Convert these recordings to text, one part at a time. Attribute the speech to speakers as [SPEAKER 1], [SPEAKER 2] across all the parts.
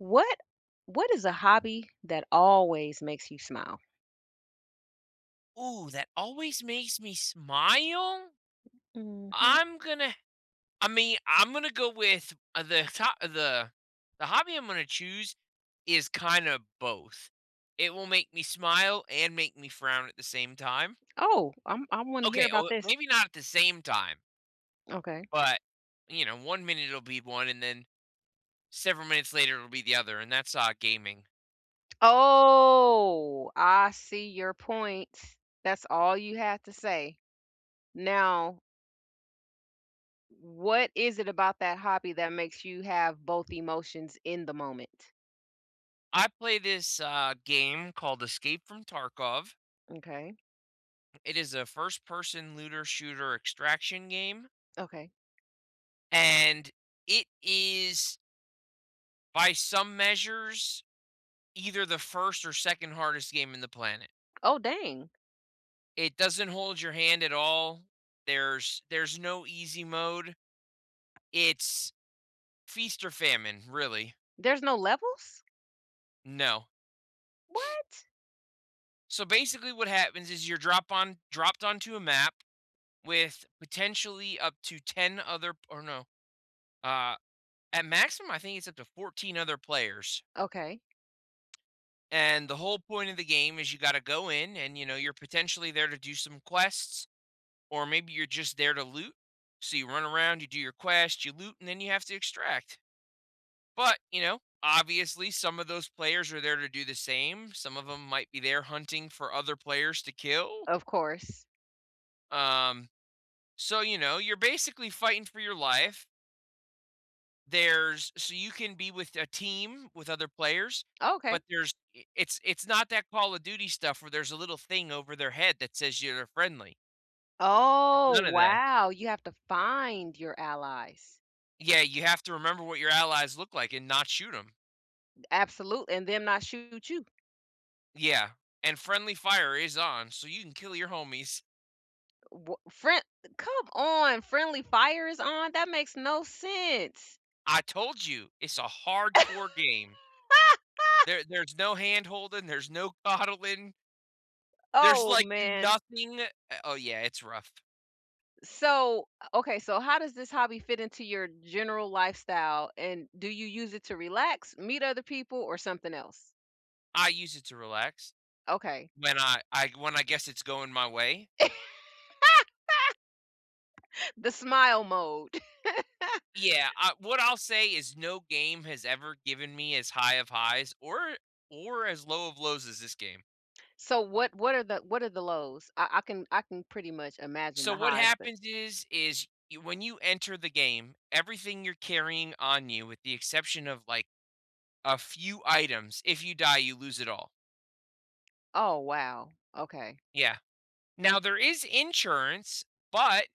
[SPEAKER 1] What what is a hobby that always makes you smile?
[SPEAKER 2] Ooh, that always makes me smile?
[SPEAKER 1] Mhm.
[SPEAKER 2] I'm gonna I mean, I'm gonna go with the top the the hobby I'm gonna choose is kinda both. It will make me smile, and make me frown at the same time.
[SPEAKER 1] Oh! I'm I wanna hear
[SPEAKER 2] Okay.
[SPEAKER 1] about
[SPEAKER 2] Oh,
[SPEAKER 1] this.
[SPEAKER 2] maybe not at the same time
[SPEAKER 1] Okay.
[SPEAKER 2] but, you know, one minute it'll be one, and then several minutes later, it'll be the other, and that's, uh, gaming.
[SPEAKER 1] Oh! I see your point. That's all you have to say. Now what is it about that hobby that makes you have both emotions in the moment?
[SPEAKER 2] I play this, uh, game called Escape from Tarkov.
[SPEAKER 1] M'kay.
[SPEAKER 2] It is a first-person looter shooter extraction game
[SPEAKER 1] Okay.
[SPEAKER 2] and it is by some measures, either the 1st or 2nd hardest game in the planet.
[SPEAKER 1] Oh, dang!
[SPEAKER 2] It doesn't hold your hand at all. There's there's no easy mode. It's feast or famine, really.
[SPEAKER 1] There's no levels?
[SPEAKER 2] No.
[SPEAKER 1] What?
[SPEAKER 2] So basically what happens is you're drop on dropped onto a map with, potentially, up to 10 other p or no uh, at maximum, I think it's up to 14 other players.
[SPEAKER 1] Okay.
[SPEAKER 2] And the whole point of the game is you gotta go in and, you know, you're, potentially, there to do some quests, or maybe you're just there to loot, so you run around, you do your quest, you loot, and then you have to extract, but, you know, obviously, some of those players are there to do the same. Some of 'em might be there hunting for other players to kill.
[SPEAKER 1] Of course.
[SPEAKER 2] Um, so, you know, you're basically fighting for your life. There's so you can be with a team with other players,
[SPEAKER 1] Oh, okay.
[SPEAKER 2] but there's i it's it's not that Call of Duty stuff where there's a little thing over their head, that says you're friendly. There's
[SPEAKER 1] Oh,
[SPEAKER 2] none of that.
[SPEAKER 1] wow, you have to find your allies?
[SPEAKER 2] Yeah, you have to remember what your allies look like and not shoot 'em.
[SPEAKER 1] Absolute and then I shoot you.
[SPEAKER 2] Yeah, and friendly fire is on, so you can kill your homies.
[SPEAKER 1] Uh wha frien eh, come on! Friendly fire is on? That makes no sense.
[SPEAKER 2] I told you! It's a hardcore game. There there's no hand-holding, there's no coddling. There's,
[SPEAKER 1] Oh,
[SPEAKER 2] like,
[SPEAKER 1] man.
[SPEAKER 2] nothing uh, oh yeah, it's rough.
[SPEAKER 1] So uh, okay, so how does this hobby fit into your general lifestyle? And, do you use it to relax? Meet other people? Or, something else?
[SPEAKER 2] I use it to relax.
[SPEAKER 1] Okay.
[SPEAKER 2] When I I when, I guess it's going my way.
[SPEAKER 1] The smile mode.
[SPEAKER 2] Yeah, I what I'll say is no game has ever given me as high of highs, or or as low of lows as this game.
[SPEAKER 1] So, what what are the what are the lows? I I can I can pretty much imagine
[SPEAKER 2] So,
[SPEAKER 1] the
[SPEAKER 2] what
[SPEAKER 1] highs, but
[SPEAKER 2] happens is, is you when you enter the game, everything you're carrying on you, with the exception of, like, a few items if you die, you lose it all.
[SPEAKER 1] Oh, wow, okay.
[SPEAKER 2] Yeah. Now, there is insurance, but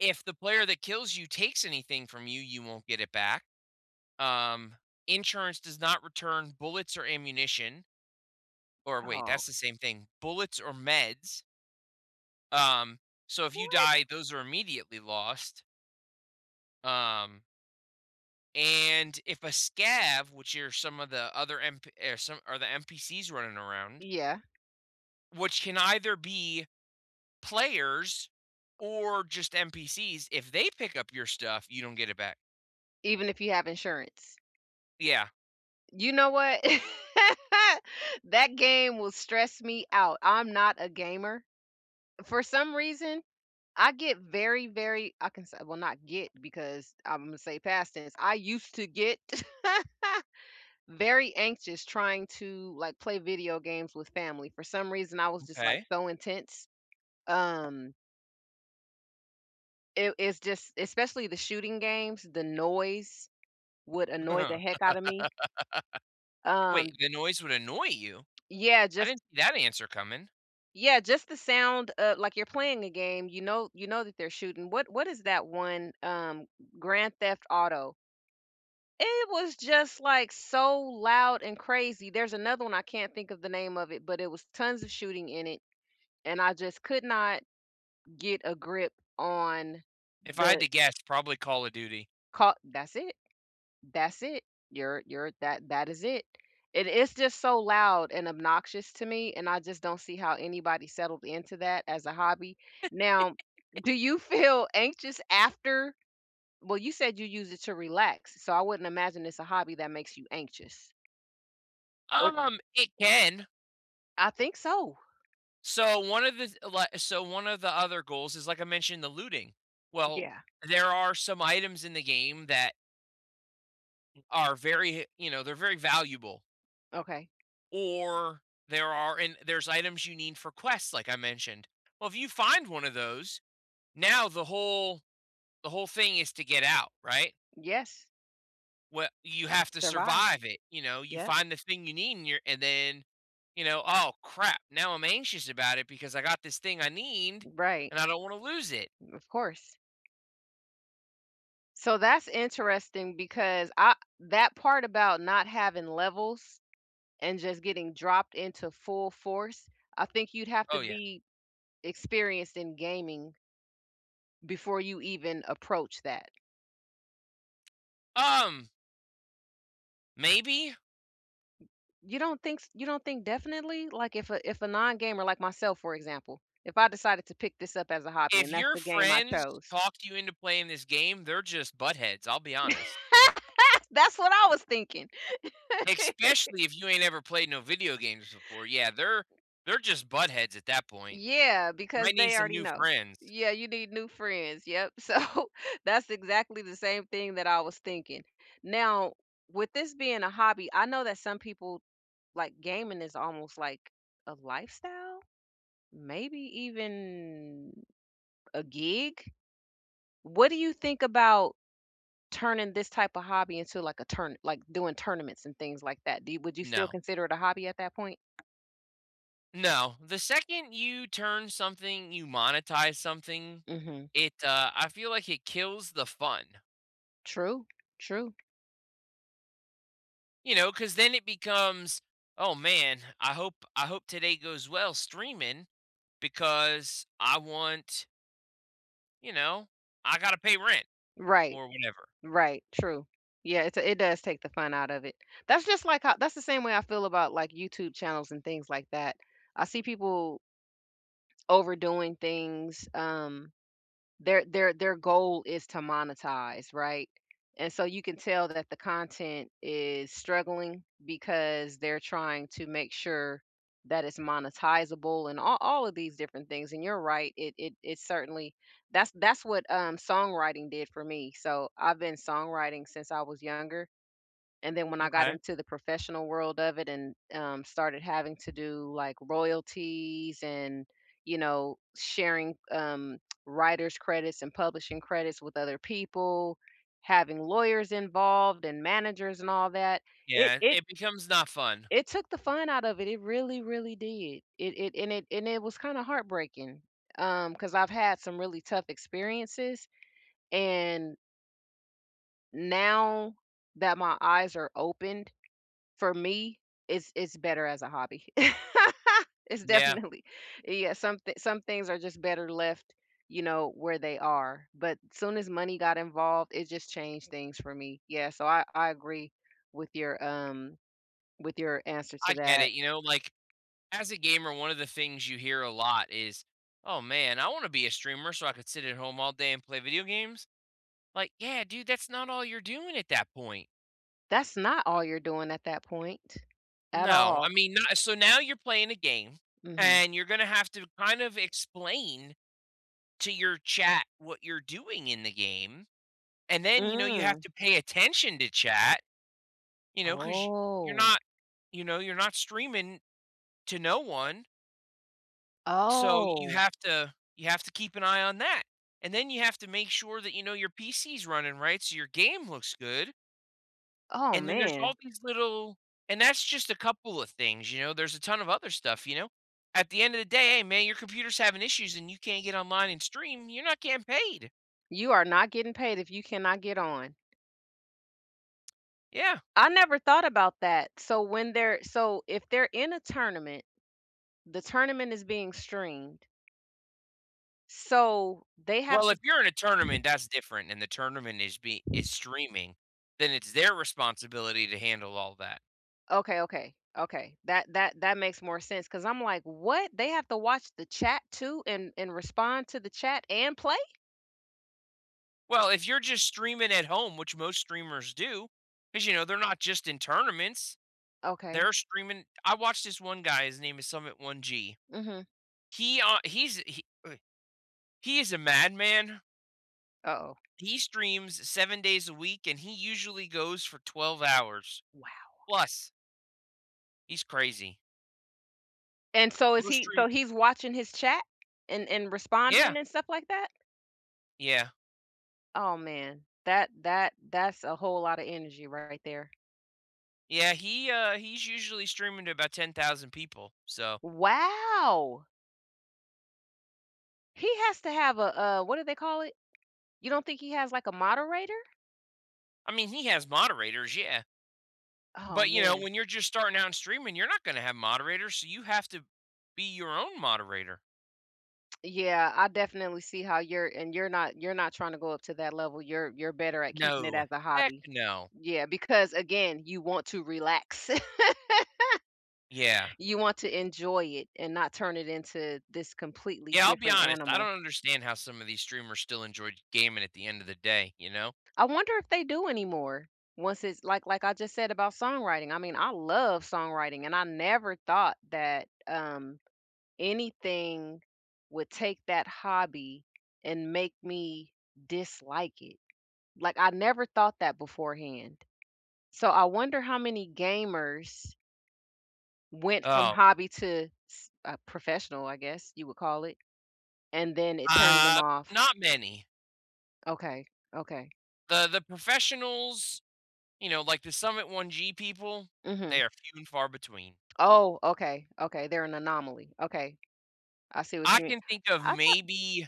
[SPEAKER 2] If the player that kills you takes anything from you, you won't get it back. Um, insurance does not return bullets or ammunition. Or wait,
[SPEAKER 1] Oh.
[SPEAKER 2] that's the same thing bullets or meds. Um, so, if you
[SPEAKER 1] What?
[SPEAKER 2] die, those are immediately lost. Um And if a Scav, which are some of the other NP eh, are some are the NPCs running around
[SPEAKER 1] Yeah.
[SPEAKER 2] which can either be players or just NPCs, if they pick up your stuff, you don't get it back.
[SPEAKER 1] Even if you have insurance?
[SPEAKER 2] Yeah.
[SPEAKER 1] You know what? That game will stress me out, I'm not a gamer. For some reason, I get very, very I can say well, not get because Imma say past tense. I used to get very anxious trying to, like, play video games with family, for some reason, I was just, like,
[SPEAKER 2] M'kay.
[SPEAKER 1] so intense. Um It it's just especially the shooting games, the noise would annoy the heck out of me.
[SPEAKER 2] Wait,
[SPEAKER 1] Um
[SPEAKER 2] the noise would annoy you?
[SPEAKER 1] Yeah,
[SPEAKER 2] I
[SPEAKER 1] just
[SPEAKER 2] didn't see that answer coming.
[SPEAKER 1] Yeah, just the sound, uh like, you're playing a game, you know you know that they're shooting, what what is that one, um, G grand Theft Auto? It was just, like, so loud and crazy, there's another one, I can't think of the name of it, but it was tons of shooting in it. And I just could not get a grip on
[SPEAKER 2] If I had
[SPEAKER 1] the
[SPEAKER 2] to guess, probably Call of Duty.
[SPEAKER 1] Call That's it. That's it. You're you're that that is it. It it’s just so loud and obnoxious to me, and I just don't see how anybody settled into that as a hobby. Now do you feel anxious after? Well, you said you use it to relax, so, I wouldn't imagine it's a hobby that makes you anxious. What?
[SPEAKER 2] Um, it can.
[SPEAKER 1] I think so.
[SPEAKER 2] So one of this li so one of the other goals is, like I mentioned, the looting. Well,
[SPEAKER 1] Yeah.
[SPEAKER 2] there are some items in the game that mm are very he you know, they're very valuable.
[SPEAKER 1] Okay.
[SPEAKER 2] Or there are and there's items you need for quests, like I mentioned. Well, if you find one of those, now the whole the whole thing is to get out, right?
[SPEAKER 1] Yes.
[SPEAKER 2] We you have to
[SPEAKER 1] Survive.
[SPEAKER 2] survive it, you know? You
[SPEAKER 1] Yep.
[SPEAKER 2] find the thing you need and you're and then, you know, "Oh, crap! Now I'm anxious about it because I got this thing I need,
[SPEAKER 1] Right.
[SPEAKER 2] and I don't wanna lose it."
[SPEAKER 1] Of course. So that's interesting because, I that part about not having levels and just getting dropped into full force, I think you'd have to
[SPEAKER 2] Oh, yeah.
[SPEAKER 1] be experienced in gaming before you even approach that.
[SPEAKER 2] Um. Maybe.
[SPEAKER 1] You don't think s you don't think definitely? Like, if a if a non gamer like myself, for example, if I decided to pick this up as a hobby
[SPEAKER 2] If
[SPEAKER 1] and that's
[SPEAKER 2] your
[SPEAKER 1] the game I
[SPEAKER 2] friends
[SPEAKER 1] chose
[SPEAKER 2] talk you into playing this game, they're just buttheads. I'll be honest.
[SPEAKER 1] That's what I was thinking.
[SPEAKER 2] Especially if you ain't ever played no video games before. Yeah. They're they're just buttheads at that point.
[SPEAKER 1] Yeah, because
[SPEAKER 2] Might need
[SPEAKER 1] they
[SPEAKER 2] some
[SPEAKER 1] already
[SPEAKER 2] new
[SPEAKER 1] know.
[SPEAKER 2] friends.
[SPEAKER 1] Yeah, you need new friends. Yep. So that's exactly the same thing that I was thinking. Now, with this being a hobby, I know that some people, like, gaming is almost, like, a lifestyle? Maybe even a gig? What do you think about turning this type of hobby into, like, a tourna like doing tournaments and things like that? Do you would you still
[SPEAKER 2] No.
[SPEAKER 1] consider it a hobby at that point?
[SPEAKER 2] No. The second you turn something you monetize something,
[SPEAKER 1] Mhm.
[SPEAKER 2] it, uh, I feel like it kills the fun.
[SPEAKER 1] True, true.
[SPEAKER 2] You know? 'Cause then it becomes, "Oh man, I hope I hope today goes well streaming because I want" you know, "I gotta pay rent,"
[SPEAKER 1] Right.
[SPEAKER 2] or whenever.
[SPEAKER 1] Right. True. Yeah, it's it does take the fun out of it. That's just like, uh that's the same way I feel about like YouTube channels and things like that. I see people overdoing things, um, their their their goal is to monetize, right? And so you can tell that the content is struggling because they're trying to make sure that it's monetizable and a all of these different things, and you're right, i it is certainly That's that's what, um, songwriting did for me. So, I've been songwriting since I was younger, and then when I got
[SPEAKER 2] M'kay.
[SPEAKER 1] into the professional world of it and, um, started having to do like royalties and, you know, sharing, um, writer's credits and publishing credits with other people, having lawyers involved and managers and all that, it
[SPEAKER 2] Yeah.
[SPEAKER 1] it
[SPEAKER 2] It becomes not fun.
[SPEAKER 1] it took the fun out of it, it really, really did. It it and it and it was kinda heartbreaking, um, 'cause I've had some really tough experiences and now that my eyes are opened, for me, it's it's better as a hobby. It's
[SPEAKER 2] Yeah.
[SPEAKER 1] definitely Yeah. Some thi some things are just better left, you know, where they are, but, soon as money got involved, it just changed things for me. Yeah. So I I agree with your with your, um with your answers
[SPEAKER 2] I
[SPEAKER 1] to
[SPEAKER 2] get
[SPEAKER 1] that.
[SPEAKER 2] it, you know? Like, as a gamer, one of the things you hear a lot is, "Oh man I wanna be a streamer so I could sit at home all day and play video games." Like, "Yeah dude, that's not all you're doing at that point."
[SPEAKER 1] That's not all you're doing at that point. At
[SPEAKER 2] No,
[SPEAKER 1] all.
[SPEAKER 2] I mean, not so now you're playing a game,
[SPEAKER 1] Mhm.
[SPEAKER 2] and you're gonna have to kind of explain to your chat what you're doing in the game, and then, you know, you have
[SPEAKER 1] Mm.
[SPEAKER 2] to pay attention to chat, you know, 'cause you're
[SPEAKER 1] Oh.
[SPEAKER 2] not you know, you're not streaming to no one so, you
[SPEAKER 1] Oh.
[SPEAKER 2] have to you have to keep an eye on that. And then you have to make sure that, you know, your PC's running right so your game looks good
[SPEAKER 1] Oh,
[SPEAKER 2] and then there's all
[SPEAKER 1] man.
[SPEAKER 2] these little and that's just a couple of things, you know, there's a ton of other stuff, you know? At the end of the day, "Hey man, your computer's having issues, and you can't get online and stream, you're not getting paid."
[SPEAKER 1] You are not getting paid if you cannot get on.
[SPEAKER 2] Yeah.
[SPEAKER 1] I never thought about that. So when they're so if they're in a tournament, the tournament is being streamed so, they have
[SPEAKER 2] Well,
[SPEAKER 1] to
[SPEAKER 2] if you're in a tournament, that's different, and the tournament is be is streaming, then it's their responsibility to handle all that.
[SPEAKER 1] Okay, okay, okay. That that that makes more sense ‘cause I'm, like, what? They have to watch the chat too and and respond to the chat and play?
[SPEAKER 2] Well, if you're just streaming at home, which most streamers do, 'cause, you know, they're not just in tournaments.
[SPEAKER 1] Okay.
[SPEAKER 2] They're streaming I watched this one guy his name is Summit1g.
[SPEAKER 1] Mhm.
[SPEAKER 2] He, uh he's a [unintelligible] he is a madman.
[SPEAKER 1] Uh Oh.
[SPEAKER 2] He streams 7 days a week, and he usually goes for 12 hours
[SPEAKER 1] Wow.
[SPEAKER 2] plus. He's crazy.
[SPEAKER 1] And so is
[SPEAKER 2] Imma
[SPEAKER 1] he
[SPEAKER 2] stream.
[SPEAKER 1] so, he's watching his chat and and responding
[SPEAKER 2] Yeah.
[SPEAKER 1] and stuff like that?
[SPEAKER 2] Yeah.
[SPEAKER 1] Oh, man. That that that's a whole lotta energy right there.
[SPEAKER 2] Yeah. He, uh, he's usually streaming to about 10,000 people. So
[SPEAKER 1] Wow! He has to have a a what do they call it? You don't think he has, like, a moderator?
[SPEAKER 2] I mean, he has moderators. Yeah.
[SPEAKER 1] Oh,
[SPEAKER 2] But, you know,
[SPEAKER 1] man.
[SPEAKER 2] when you're just starting out in streaming, you're not gonna have moderators, so, you have to be your own moderator.
[SPEAKER 1] Yeah. I definitely see how you're and you're not you're not tryna to go up to that level, you're you're better at keeping it
[SPEAKER 2] No.
[SPEAKER 1] as a
[SPEAKER 2] Heck
[SPEAKER 1] hobby.
[SPEAKER 2] no.
[SPEAKER 1] Yeah. Because, again, you want to relax.
[SPEAKER 2] Yeah.
[SPEAKER 1] You want to enjoy it and not turn it into this completely
[SPEAKER 2] Yeah, I'll be
[SPEAKER 1] different
[SPEAKER 2] honest, I
[SPEAKER 1] animal.
[SPEAKER 2] don't understand how some of these streamers still enjoy j gaming at the end of the day, you know?
[SPEAKER 1] I wonder if they do anymore once it's like like I just said about songwriting, I mean, I love songwriting, and I never thought that, um, anything would take that hobby and make me dislike it. Like, I never thought that beforehand. So I wonder how many gamers went from
[SPEAKER 2] Oh.
[SPEAKER 1] hobby to, s uh, professional, I guess, you would call it, and then it turned them
[SPEAKER 2] Ah,
[SPEAKER 1] off.
[SPEAKER 2] not many.
[SPEAKER 1] Okay. Okay.
[SPEAKER 2] The the professionals, you know, like the Summit1G people, they
[SPEAKER 1] Mhm.
[SPEAKER 2] are few and far between.
[SPEAKER 1] Oh, okay, okay. They're an anomaly. Okay. I see what
[SPEAKER 2] I
[SPEAKER 1] you mean
[SPEAKER 2] can think of
[SPEAKER 1] I thought
[SPEAKER 2] maybe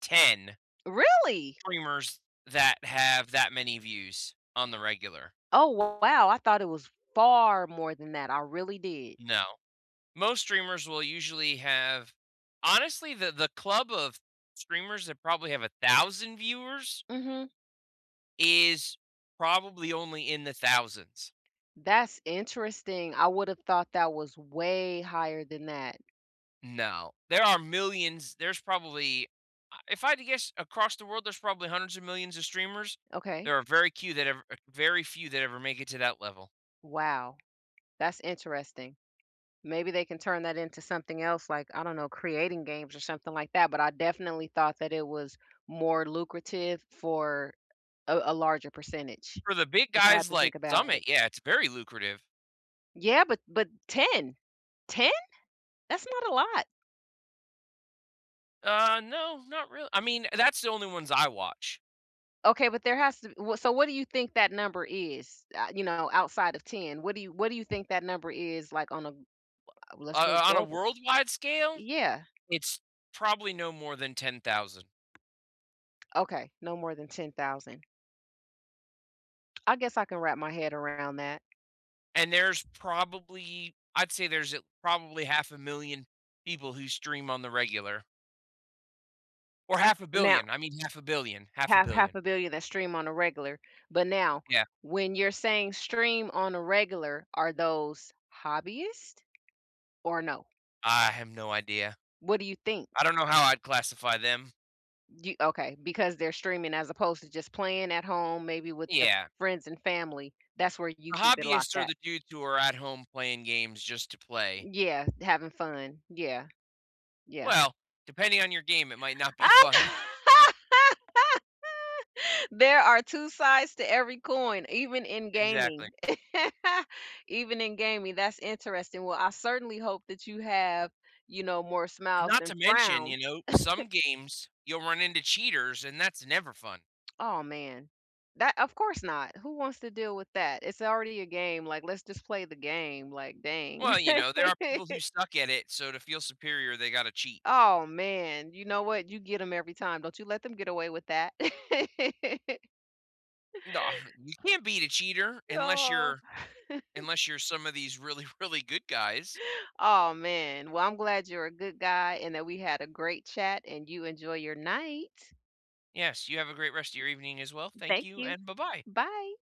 [SPEAKER 2] 10
[SPEAKER 1] Really?
[SPEAKER 2] streamers that have that many views on the regular.
[SPEAKER 1] Oh, wow, I thought it was far more than that. I really did.
[SPEAKER 2] No. Most streamers will usually have honestly, the the club of streamers that probably have 1,000 viewers
[SPEAKER 1] Mhm.
[SPEAKER 2] is probably only in the thousands.
[SPEAKER 1] That's interesting. I would've thought that was way higher than that.
[SPEAKER 2] No. There are millions there's probably a if I had to guess across the world, there's probably hundreds of millions of streamers.
[SPEAKER 1] Okay.
[SPEAKER 2] There are very few cue that ever very few that ever make it to that level.
[SPEAKER 1] Wow. That's interesting. Maybe they can turn that into something else like, I don't know, creating games or something like that, but I definitely thought that it was more lucrative for a a larger percentage.
[SPEAKER 2] For the big
[SPEAKER 1] I've
[SPEAKER 2] guys,
[SPEAKER 1] to think
[SPEAKER 2] like
[SPEAKER 1] about it.
[SPEAKER 2] Summit, yeah, it's very lucrative.
[SPEAKER 1] Yeah. But but 10. 10? That's not a lot.
[SPEAKER 2] Uh, no, not reall I mean, that's the only ones I watch.
[SPEAKER 1] Okay. But there has to be well, so what do you think that number is, a you know, outside of 10? What do you what do you think that number is, like, on a a well, let's
[SPEAKER 2] Wha
[SPEAKER 1] say
[SPEAKER 2] o on a
[SPEAKER 1] global.
[SPEAKER 2] worldwide scale,
[SPEAKER 1] Yeah.
[SPEAKER 2] it's probably no more than 10,000.
[SPEAKER 1] Okay. No more than 10,000. I guess I can wrap my head around that.
[SPEAKER 2] And there's probably I'd say there's a probably 500,000 people who stream on the regular. Or half a
[SPEAKER 1] Now
[SPEAKER 2] billion. I mean, 500,000,000, half a
[SPEAKER 1] half half
[SPEAKER 2] billion.
[SPEAKER 1] a billion that stream on a regular. But now,
[SPEAKER 2] Yeah.
[SPEAKER 1] when you're saying stream on a regular, are those hobbyist, or no?
[SPEAKER 2] I have no idea.
[SPEAKER 1] What do you think?
[SPEAKER 2] I don't know how I'd classify them.
[SPEAKER 1] You okay, because they're streaming, as opposed to just playing at home, maybe, with their
[SPEAKER 2] Yeah.
[SPEAKER 1] friends and family. That's where you
[SPEAKER 2] The
[SPEAKER 1] keep it locked
[SPEAKER 2] hobbyists are
[SPEAKER 1] at.
[SPEAKER 2] the dudes who are at home playing games, just to play.
[SPEAKER 1] Yeah. Having fun. Yeah. Yeah.
[SPEAKER 2] Well, depending on your game, it might not be fun.
[SPEAKER 1] There are 2 sides to every coin, even in
[SPEAKER 2] Exactly.
[SPEAKER 1] gaming. Even in gaming. That's interesting. Well, I certainly hope that you have, you know, more
[SPEAKER 2] And
[SPEAKER 1] smiles
[SPEAKER 2] not
[SPEAKER 1] than
[SPEAKER 2] to mention,
[SPEAKER 1] frowns.
[SPEAKER 2] you know, some games, you'll run into cheaters, and that's never fun.
[SPEAKER 1] Aw, man. That of course not! Who wants to deal with that? It's already a game, like, "Let's just play the game, like, "Dang."
[SPEAKER 2] Well, you know, there are people who suck at it, so to feel superior, they gotta cheat.
[SPEAKER 1] Aw, man. You know what? You get ‘em every time. Don't you let them get away with that.
[SPEAKER 2] Nah, you can't beat a cheater unless
[SPEAKER 1] Aw.
[SPEAKER 2] you're unless you're some of these really, really good guys.
[SPEAKER 1] Oh, man. Well, I'm glad you're a good guy and that we had a great chat, and you enjoy your night.
[SPEAKER 2] Yes. You have a great rest of your evening as well. Thank
[SPEAKER 1] Thank
[SPEAKER 2] you,
[SPEAKER 1] you.
[SPEAKER 2] and buh-bye!
[SPEAKER 1] Bye.